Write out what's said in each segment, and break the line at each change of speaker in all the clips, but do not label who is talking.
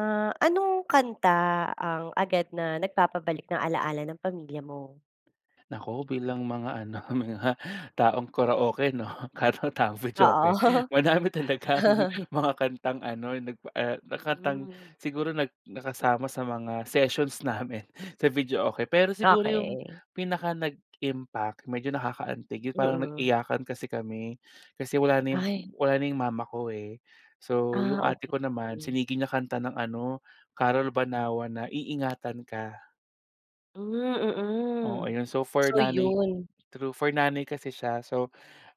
Ah, anong kanta ang agad na nag-papabalik ng ala-ala ng pamilya mo?
Nako, bilang mga ano mga taong karaoke 'no at taong videoke
Oo.
madami talagang mga kantang ano, eh, nagpa eh, kantang
Hmm.
siguro nag nakasama sa mga sessions namin sa videoke. Pero siguro 'yong
Okay.
pinaka-nag-impact medyo nakaka-antig 'yon parang
Mm.
nag-iyakan kasi kami, kasi wala na 'yong
Ay.
wala na 'yong mama ko, eh. So
Ah,
yung ate ko naman,
okay.
sinigi niya kanta ng ano, Carol Banawa na Iingatan Ka.
Hmm,
Oo
mm.
'yon so for
So
nanay
'yon.
true, for nanay kasi siya. So,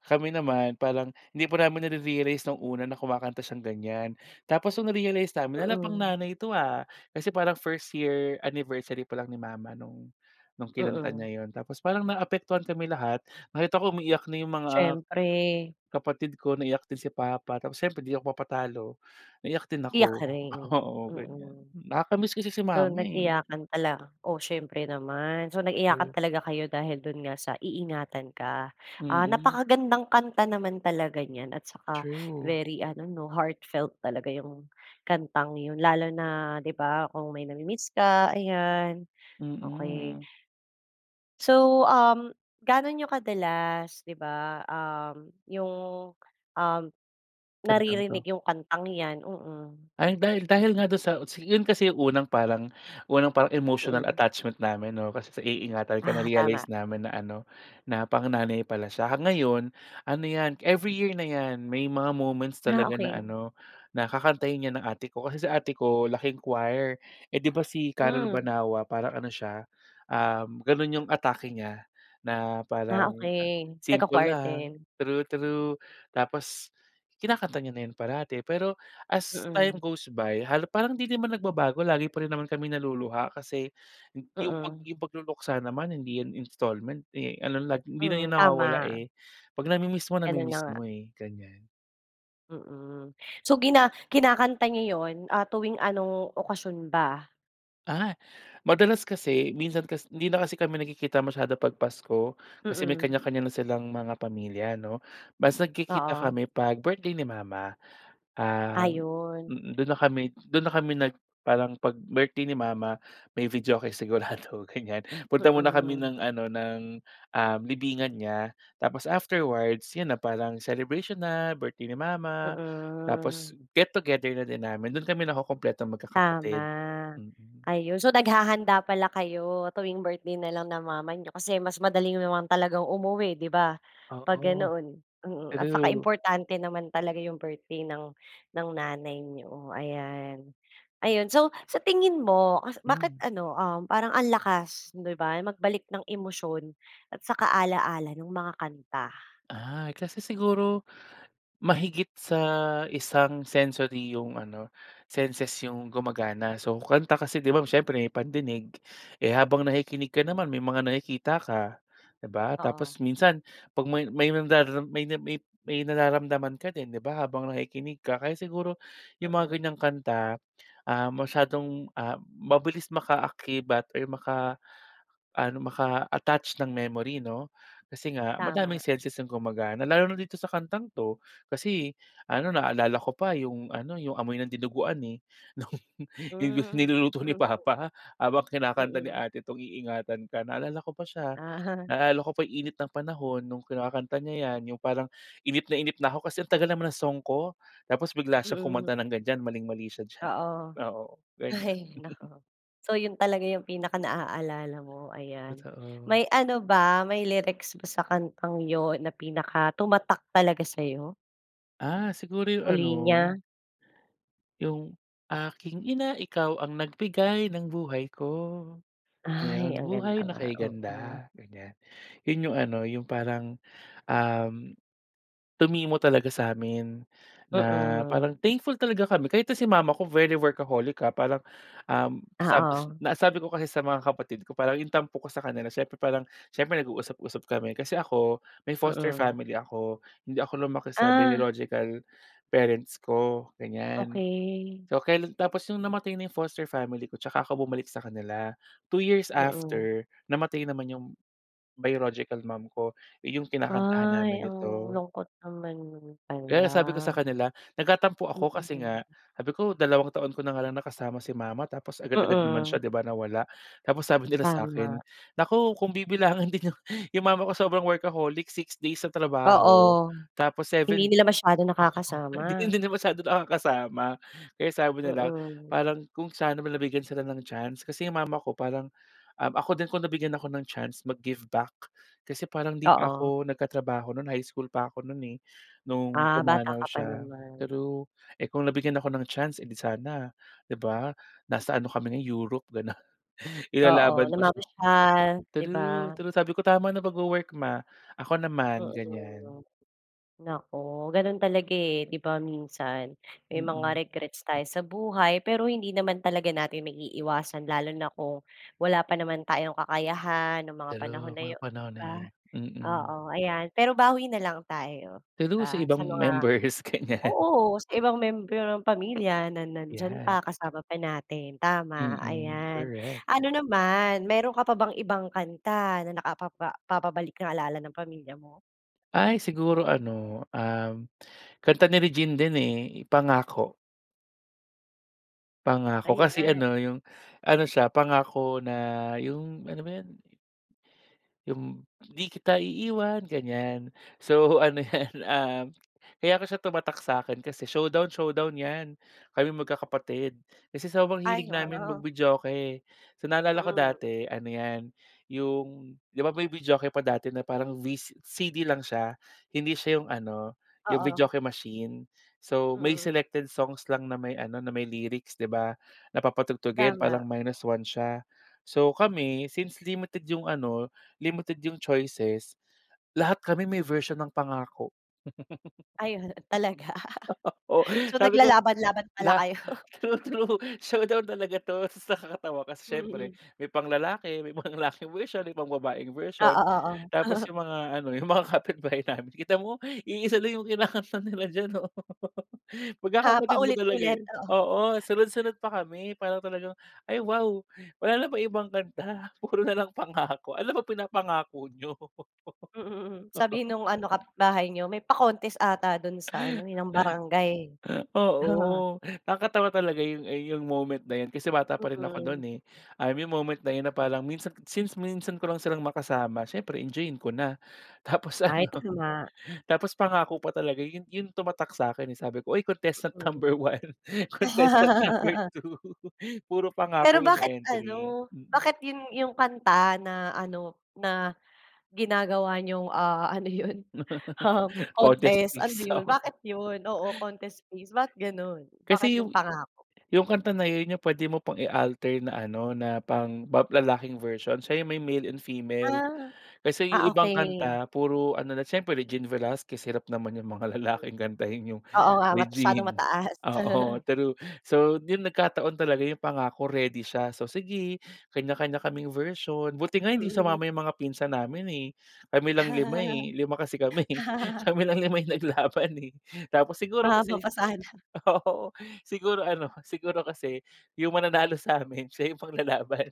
kami naman parang hindi pa namin nare-realize 'nong una na kumakanta siyang ganyan, tapos 'nong na-realize namin "Hala pang
Mm.
nanay 'to ha?" Kasi parang 1st year anniversary pa lang ni mama 'nong 'nong kinanta
Mm.
niya 'yon tapos parang na-apektuhan kami lahat, nakita ko umiiyak na 'yong mga,
Siyempre.
kapatid ko, naiyak din si papa, tapos siyempre 'di ako papatalo, naiyak din
Iyak
ako,
ka rin?
oo ganyan
Mm.
nakaka-miss kasi si
So
mama, eh.
nag-iyakan tala oo siyempre naman, so nag-iyakan
True.
talaga kayo dahil do'n nga sa iingatan ka. Ah,
Mm.
napaka-gandang kanta naman talaga niyan at saka,
True.
very ano 'no heartfelt talaga 'yong kantang 'yon lalo na 'di ba, kung may na-mi-miss ka, ayan, okay.
Mm.
So, um, gaano niyo kadalas, di ba, um, 'yong um,
Kantang
naririnig
'to.
'yong kantang 'yan? Mm.
Ay dahil dahil nga do'n sa utsi 'yon kasi unang parang unang parang emotional
Mm.
attachment namin oo, kasi sa iingatan ka
Ah, tama.
na-realize namin na ano, na pang-nanay pala siya ah, ngayon, ano 'yan every year na 'yan, may mga moments
Ah,
talaga na
okay.
ano, na kakantahin 'yan ng ate ko, kasi si ate ko laking choir, eh 'di ba si Carol
Hmm.
Banawa parang ano siya, um, gano'n 'yong atake niya, na
Ah,
parang
okay,
simple
nagka-choir
lang,
din.
true true, tapos, kinakanta niya na 'yan parati pero, as time
Mm.
goes by, hal parang hindi din naman nag-babago lagi pa rin naman kami naluluha kasi, 'yong pag
Mm.
'yong pag-luluksa naman hindi 'yan installment, eh, ano like hindi na
Hmm,
'yan nawawala,
tama.
eh, 'pag nami-miss mo,
Gano'n na
nami-miss
nga.
mo, eh, ganyan.
Mm. So, gina kinakanta niyo 'yon, ah, tuwing anong okasyon ba?
Ah, madalas kasi minsan kas hindi na kasi kami nagkikita masyado 'pag Pasko, kasi may
Mm.
kanya-kanya na silang mga pamilya, 'no, mas nagkikita
Oo.
kami 'pag birthday ni mama. Um
Ayon.
mm, do'n na kami do'n na kami nag parang 'pag birthday ni mama may videoke sigurado, ganyan. Punta muna kami
Mm.
ng ano ng um, libingan niya, tapos afterwards, 'yan na, parang celebration na, birthday ni mama.
Mm.
Tapos, get-together na din namin, do'n kami nakukumpletong
Tama.
mag-kakapatid. Mm.
Ayon, so naghahanda pala kayo, tuwing birthday na lang ng mama niyo kasi mas madali naman talagang umuwi, 'di ba? 'Pag
Oo.
ganoon, mm, at saka
True.
importante naman talaga 'yong birthday ng ng nanay niyo ayan, ayon, so, sa tingin mo, as bakit
Hmm.
ano, um, parang ang lakas, 'di ba? Magbalik ng emosyon at saka ala-ala nong mga kanta?
Ay, kasi siguro, mahigit sa isang sensory 'yong ano, senses 'yong gumagana so, kanta kasi 'di ba? Siyempre may pandinig, eh, habang nakikinig ka naman may mga nakikita ka, 'di ba? Tapos,
Oo.
minsan, 'pag may may nandaram may may may nararamdaman ka din, 'di ba habang nakikinig ka, kaya siguro, 'yong mga
Mm.
ganyang kanta, ah, masyadong, ah, mabilis maka-akibat or maka-ano, maka-attached ng memory 'no? Kasi nga, madaming
Tama.
senses ang gumagana lalo na dito sa kantang 'to, kasi, ano na-aalala ko pa 'yong ano 'yong amoy ng dinuguan, eh, no'ng 'yong
Hmm.
niluluto ni
Mm
papa habang kinakanta ni
Mm.
ate 'tong Iingatan Ka, na-aalala ko pa siya,
Ah.
na-alala ko pa init ng panahon no'ng kinakakanta niya 'yan, 'yong parang inip na inip na ako kasi ang tagal naman ng song ko, tapos, bigla siyang
Mm.
kumanta ng ganyan, maling-mali siya diyan,
Oo.
oo, ganyan.
Ay nako. So, 'yon talaga yung pinaka-naalala mo, ayan.
Totoo.
May ano ba, may lyrics ba sa kantang 'yon na pinaka tumatak talaga sayo?
Ah, siguro yung
O
ano
linya?
yung aking ina, ikaw ang nag-bigay ng buhay ko,
Ay,
ayon,
ang ganda
buhay na
nga,
kay
oo.
ganda, ganyan. 'Yun 'yung, ano, parang, um, tumimo talaga sa'min na
Mm.
parang thankful talaga kami kahit nga si mama ko very workaholic, ah, parang, um, sabs
Oo.
na sabi ko kasi sa mga kapatid ko parang yung tampo ko sa kanila siyempre parang, siyempre nag-uusap-usap kami. Kasi ako, may foster
Mm.
family ako, hindi ako lumaki sa
Ah.
biological parents ko, ganyan.
Okey.
So kailan tapos 'yong namatay na foster family ko, 'tsaka ako bumalik sa kanila. 2 years
Mm.
after, namatay naman 'yong biological mom ko, 'yong kinakantahan
Ay,
namin
ang
nito.
lungkot naman nun pala.
Kaya sabi ko sa kanila, nagtatampo
Mm.
ako kasi nga, sabi ko, "2 taon ko na nga lang nakasama si mama, tapos agad-agad naman
Mm.
siya, 'di ba, nawala." Tapos sabi nila sa'kin,
Tama.
"Naku kung bibilangan din yung" 'Yung mama ko, sobrang workaholic, 6 days sa trabaho,
Oo.
tapos
Hindi
7
nila masyadong
oo,
nakakasama.
hindi na masyado nakakasama, kaya sabi na lang,
Mm.
parang, kung sana nabigyan sila ng chance, kasi 'yong mama ko parang um, ako din, kung nabigyan ako ng chance mag-give back, kasi parang 'di pa
Oo.
ko nag-tatrabaho no'n, high school pa ko no'n eh, nung
Ah, bata
pumanaw
ka pa
siya
naman.
true. Eh, kung nabigyan ako ng chance, e 'di sana, 'di ba? Nasa ano kami ngayon, Europe gano'n,
Oo,
ilalaban ko siya.
namamasyal, 'di ba?
True, true sabi ko, "Tama na pag-wo-work, ma, ako naman." Ganyan.
Mm. Naku, gano'n talaga eh, 'di ba, minsan, may mga
Mm.
regrets tayo sa buhay, pero hindi naman talaga natin maiiwasan, lalo na kung, wala pa naman tayong kakayahan nung mga panahon
True,
na
mga
'yon,
panahon na
ba.
yun, mm.
Oo, ayan, pero bawi na lang tayo, 'di
True, sa
ba? Sa
ibang
mga
members ganyan.
oo, sa ibang miyembro ng pamilya na nandiyan
'Yan.
pa kasama pa natin, tama,
Mm,
ayan.
korek.
Ano naman, meron ka pa bang ibang kanta na nakapapa papabalik nang ala-ala ng pamilya mo?
Ay siguro ano, um, kanta ni Regine din, eh, Pangako. Pangako kasi
Ayan.
ano, 'yung ano siya Pangako na 'yung ano ba 'yun? 'Yung hindi kita iiwan, ganyan. So ano 'yan, ah, kaya ko siya tumatak sa akin kasi showdown-showdown 'yan kami magkakapatid. Kasi sobrang
Ay
hilig namin
wow.
mag-videoke. So, naalala ko
Mm.
dati ano 'yan 'yong 'di ba may videoke pa dati na parang vi CD lang siya hindi siya 'yong ano 'yong
Oo.
videoke machine. So, may
Mm.
selected songs lang na may ano na may lyrics, 'di ba? Na papatugtugin
Tama.
parang minus one siya. So, kami since limited 'yung ano, limited 'yung choices, lahat kami may version ng pangako.
Ayun talaga,
Oh
so,
sabi ko,
naglalaban laban pala
la
kayo.
true, true show down talaga to tas nakakatawa kasi syempre
Mm.
may pang lalaki, may pang-lalaking version, may pang babaeng
Oo,
version,
Oo.
tapos 'yung mga ano, 'yung mga kapitbahay namin kita mo iisa lang 'yung kinakanta nila diyan oh,
Ah,
magkakapatid nga talaga,
paulit-ulit,
eh.
oo.
Oo, sunod sunod pa kami para talagang, "Ay wow wala na bang ibang kanta, puro nalang Pangako ano ba pinapangako niyo?"
Mm, sabi no'ng ano kapit bahay niyo, "May pa-contest ata do'n sa ano, eh, ng barangay."
Oo, nakatawa talaga 'yung, ah, 'yung moment na 'yun kasi bata pa rin ako no'n,
Mm.
eh, um, 'yung moment na 'yun na parang minsan since minsan ko lang silang makasama siyempre enjoyin ko na. Tapos
Ay
ano,
to nga.
tapos pangako pa talaga 'yun 'yung tumatak sa'kin, eh, sabi ko, "Uy contestant
Mm.
number 1 contestant number 2 puro
Pero
pangako 'yung
bakit
entry,"
ano,
mm.
bakit 'yun 'yung kanta na ano, na ginagawa niyong, ah, ano 'yun, um,
Contest
contest ano
piece,
'yun bakit
oo.
'yun, oo, contest piece ba, ganun, bakit
Kasi
'yung
'yung
Pangako?
'yung na 'yun 'yung pwede mo pang i-alter na ano na pang ba lalaking version siya may male and female.
Ah.
Kasi 'yung
Ah,
ibang
okey.
kanta puro ano na siyempre Regine Velasquez hirap naman 'yung mga
Mm.
lalaking kantahin 'yung
Oo nga, masyadong
Regine.
mataas.
Oo true, so 'yun, nagkataon talaga 'yung Pangako ready siya, so, sige kanya-kanya kaming version buti nga hindi
Mm.
sumama 'yung mga pinsan namin, eh, kami lang 5, eh, 5 kasi kami eh, kami lang 5 'yung naglaban eh, tapos siguro
Mahaba
kasi,
pa sana.
oo, siguro ano siguro kasi 'yung mananalo sa'min siya 'yung ipang lalaban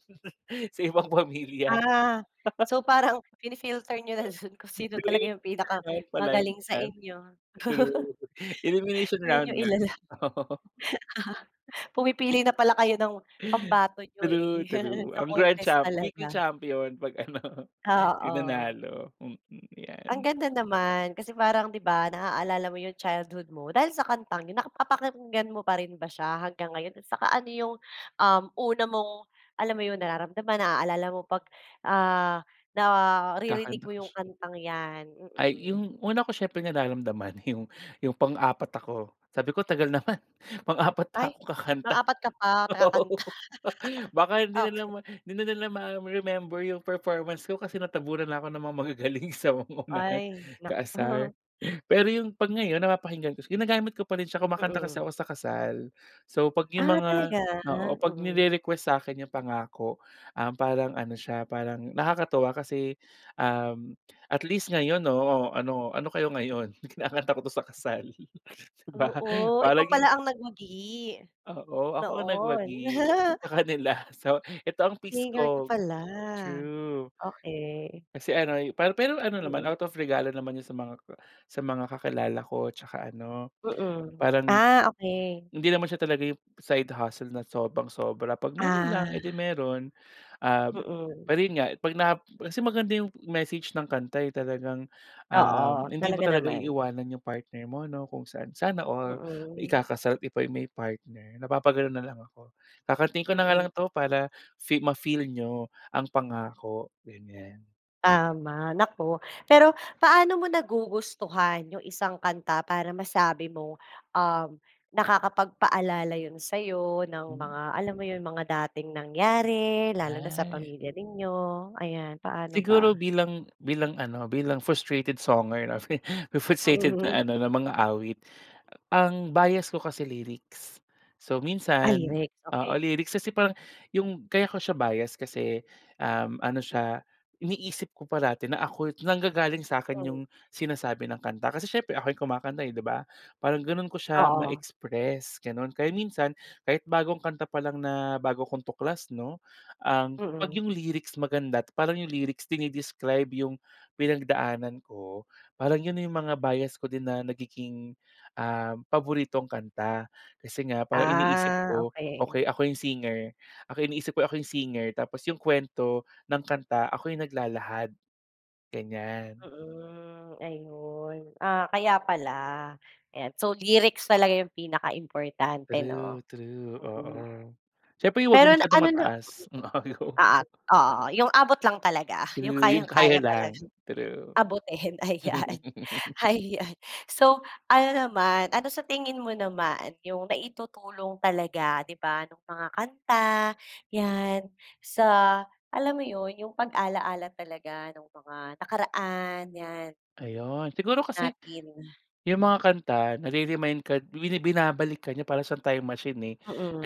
sa ibang pamilya.
Ah. So, parang fini-filter niyo na dun kung sino talaga 'yung
Pre-elimination round pala 'yun,
pinakamagaling sa inyo.
true, elimination
'Yun
round
'yung
nga.
ilala
Oo.
pumipili na pala kayo ng pambato niyo,
True,
eh,
true,
sa
ang grand
contest
champ weekly
talaga.
champion 'pag ano
Ah,
'yung
oh.
nanalo, mm,
Ang
yan.
ganda naman. Kasi parang 'di ba naaalala mo 'yong childhood mo dahil sa kantang 'yun. Nakapapakinggan mo pa rin ba siya hanggang ngayon, at saka ano 'yong, um, una mong alam mo 'yon nararamdaman naaalala mo 'pag, ah, naririnig
Kakanta
mo
pa
'yong
siya.
kantang 'yan,
Ay
mm?
'yung una ko siyempre nararamdaman 'yung 'yung pang-apat ako sabi ko, "Tagal naman pang-apat
Ay
pa ako
pang
kakanta,"
apat ka pa
oo,
nakakanta.
baka hindi na nila
Okey.
hindi na nila ma-remember 'yung performance ko kasi natabunan na ako ng mga magagaling sa unahan,
Ay
kaasar.
naku.
Pero 'yung 'pag ngayon napapakinggan ko ginagamit ko pa rin siya, kumakanta kasi
Mm.
ako sa kasal. So, 'pag 'yung
Ah,
mga,
talaga,
oo, 'pag
mm.
nire-request sa'kin 'yung pangako, um, parang ano siya parang nakakatuwa kasi, um, at least ngayon oo ano ano kayo ngayon kinakanta ko to sa kasal, 'di ba
Oo, ikaw pala
parang.
ang nagwagi,
Oo, ako ang
noon.
nagwagi sa kanila so, eto ang piece
Singer ka
ko.
pala,
True.
okey.
Kasi ano pa pero ano naman
Mm.
out of regalo naman 'yun sa mga sa mga kakilala ko tsaka ano
Mm,
parang,
ah, okey.
hindi naman siya talaga 'yung side hustle na sobrang sobra 'pag meron lang
Ah.
eh, 'di meron. Um,
Mm.
pero 'yun nga, 'pag na kasi maganda 'yung message ng kanta eh, talagang, um,
Oo,
hindi mo
talaga
talaga
naman.
iiwanan 'yung partner mo 'no kung saan. Sana all
Mm.
ikakasal, "buti pa 'yung may partner," napapaganon na lang ako kakantahin ko na nga
Mm.
lang 'to para fee ma-feel niyo ang pangako ganyan.
Tama naku, pero paano mo nagugustuhan yung isang kanta para masabi mo, um, nakakapagpaalala yun sa'yo ng mga
Hmm.
alam mo yung mga dating nangyari lalo na sa
Ay.
pamilya ninyo, ayan paano
Siguro
ba?
bilang bilang ano, bilang frustrated songer, 'no, frustrated
Mm.
na ano na mang-aawit ang bias ko kasi lyrics. So,
Ah,
minsan
lyrics,
oo,
okey.
lyrics kasi parang yung kaya ko siya bias kasi, um, ano siya iniisip ko parati na ako nanggagaling sa akin yung
Mm.
sinasabi ng kanta kasi siyempre ako yung kumakanta, eh, 'di ba, parang ganun ko siya
Oo.
ma-express gano'n. Kaya minsan kahit bagong kanta pa lang na bago kong tuklas, 'no, um, ang 'pag
Mm.
yung lyrics maganda at parang yung lyrics dine-describe yung pinagdaanan ko, parang yun na yung mga bias ko din na nagiging, um, paboritong kanta. Kasi nga parang iniisip
Ah,
ko,
okey.
"Okey ako yung singer, ako iniisip ko ako yung singer tapos yung kwento ng kanta ako yung naglalahad." Ganyan.
Mm, ayun, ah, kaya pala. Ayan so, lyrics talaga yung pinaka importante, 'no,
True true, oo.
mm.
Siyempre 'wag yung
Pero
masyadong
ano na
mataas. Um, ayaw ko.
oo, oo yung abot lang talaga yung
True, yung
kayang-kaya
kaya lang.
talagang
True.
abutin ayan, ayan. So, ano naman ano sa tingin mo naman yung naitutulong talaga, 'di ba, nung mga kanta 'yan sa alam mo yun, yung pag-ala-ala talaga nung mga nakaraan 'yan?
Ayon, siguro kasi
Natin.
yung mga kanta nare-remind ka ibinabalik ka niya para siyang time machine, eh.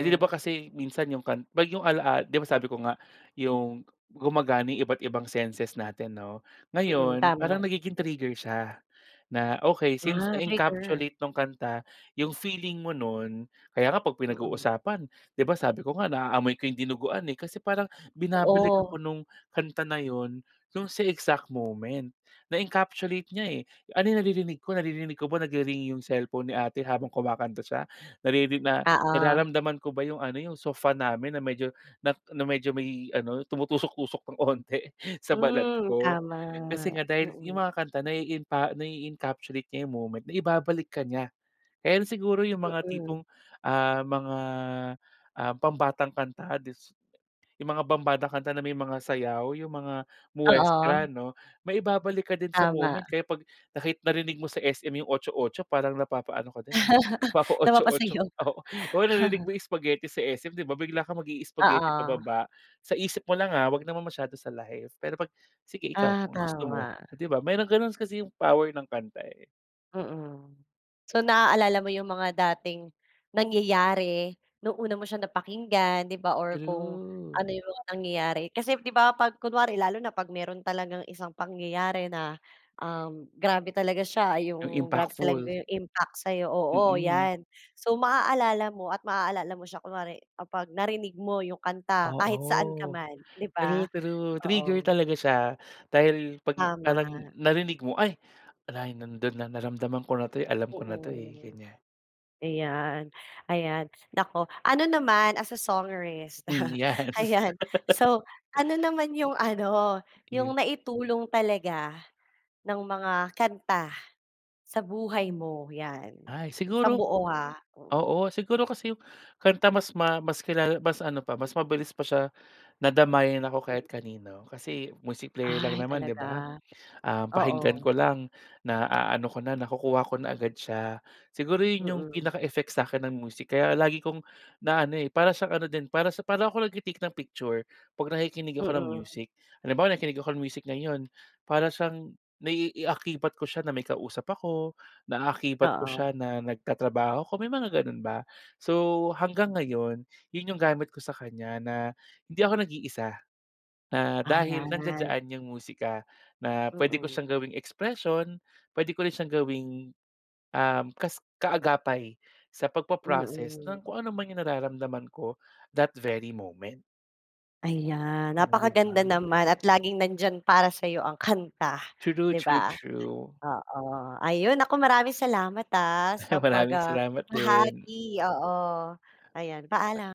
Eh, 'di ba kasi minsan yung kan 'pag yung alaal 'di ba sabi ko nga yung gumagana yung iba't-ibang senses natin, 'no.
Mm,
Ngayon
tama.
parang nagiging trigger siya, na okey since
Ah, trigger.
na-encapsulate nung kanta yung feeling mo nun, kaya nga 'pag
Mm.
pinag-uusapan, 'di ba, sabi ko nga naaamoy ko yung dinuguan eh, kasi parang
To
binabalik
o
ako nung kanta na yun nung sa exact moment, na-encapsulate niya, eh. Ano naririnig ko naririnig ko nag-ri-ring yung cellphone ni ate habang kumakanta siya naririni na
Ah oh.
nararamdaman ko ba yung ano yung sofa namin na medyo na medyo may ano, tumutusok-tusok pang onti sa balat
Hmm,
ko.
tama,
Kasi nga dahil yung
mm.
mga kanta naiinpa nai-encapsulate niya yung moment, naibabalik ka niya. Kaya siguro yung mga
Mm.
tipong, ah, mga, ah, pambatang kanta dis yung mga pambatang kanta na may mga sayaw yung mga
Oo.
muestra 'no. Maibabalik ka din sa
Tama.
moment kaya 'pag nakit narinig mo sa SM yung Otso-Otso parang napapaano ka din, eh napapa-Otso-Otso
Napapasayaw.
oo. Oo narinig mo yung Spagheti sa SM, 'di ba, bigla kang mag-i spaghetti
Oo.
pababa. Sa isip mo lang, ah, 'wag naman masyado sa live pero pag sige ikaw
Ah,
ang gusto mo,
tama.
'di ba, mayrong ganun kasi yung power ng kanta, eh.
Mm. So, naaalala mo 'yong mga dating nangyayari, no'ng una mo siyang napakinggan, 'di ba or kung
True.
ano 'yong mga nangyayari. Kasi 'di ba, 'pag kunwari lalo na 'pag mayro'n talagang isang pangyayari na, um, grabe talaga siya,
Ang
'yong grabe talaga
impactful?
'yong impact sa'yo, oo
Mm.
'yan. So maaalala mo at maaalala mo siya kunwari kapag narinig mo 'yong kanta kahit
Oo.
saan ka man, 'di ba?
True, true, trigger
Oo.
talaga siya. Dahil 'pag parang
Tama.
narinig mo, "Ay! Wala, eh, nando'n na, naramdaman ko na 'to, eh, alam ko na 'to, eh,"
Mm.
ganiyan.
Ayan, ayan naku. Ano naman as a songerist
Hmm, yes.
ayan, so ano naman 'yong ano, 'yong
Iyo
naitulong talaga ng mga kanta sa buhay mo? 'Yan,
Ay,
sa
siguro
buo ha, mm.
oo, siguro kasi 'yong kanta mas ma mas kilala mas ano pa, mas mabilis pa siya na damayan ako kahit kanino. Kasi music player lang
Ay,
naman, 'di
talaga?
ba? Um, pakinggan
Oo.
ko lang, naaano ko na, nakukuha ko na agad siya. Siguro 'yon 'yong
Mm.
pinaka effect sa akin ng music kaya lagi kong naano, eh, para siyang ano din, para sa para ako nagte-take ng picture, kapag nakikinig ako ng
Mm.
music. Halimbawa nakikinig ako ng music ngayon, para siyang naiaakibat ko siya na may kausap ako, naaakibat ko
Oo.
siya na nagtatrabaho ako, may mga gano'n ba? So, hanggang ngayon 'yon 'yong gamit ko sa kanya na hindi ako nag-iisa, na dahil
Ayan.
nandiyan-diyan 'yong musika na puwede ko
Mhm.
siyang gawing expression, puwede ko rin siyang gawing, um, kas kaagapay sa pagpa-process
Mhm.
ng kung ano man 'yong nararamdaman ko, that very moment.
Ayan,
Oh, 'di
napakaganda
ba?
naman at laging nandiyan para sa'yo ang kanta,
True,
'di
true,
ba?
true.
Oo. Ayun, naku maraming salamat ah, sa pag,
Maraming
ah,
salamat din!
bahagi, oo ayan paalam.